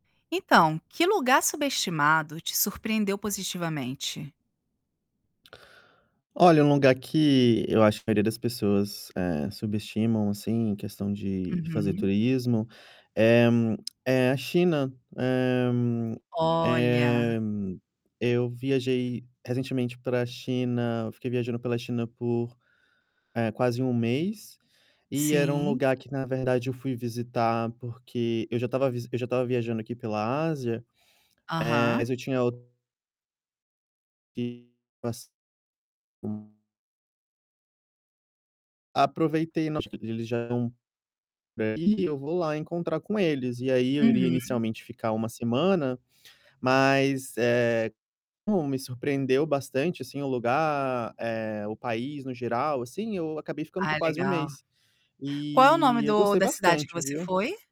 Então, que lugar subestimado te surpreendeu positivamente? Olha, um lugar que eu acho que a maioria das pessoas, eh, subestimam, assim, em questão de de fazer Uhum. turismo, é, hum, é a China, eh Olha! eh, eu viajei recentemente pra China, eu fiquei viajando pela China por, eh, quase 1 mês, e era um Sim. lugar que na verdade eu fui visitar porque eu já estava visi eu já estava viajando aqui pela Ásia, eh, Aham. mas eu tinha o que passe Aproveitei, no acho que eles já eram eh, e eu vou lá encontrar com eles, e aí eu iria Uhum. inicialmente ficar 1 semana, mas, eh, como me surpreendeu bastante assim o lugar, eh, o país no geral, assim, eu acabei ficando por Ah, quase 1 legal. mês. Qual é o nome E eu do gostei da cidade que bastante, você viu? foi?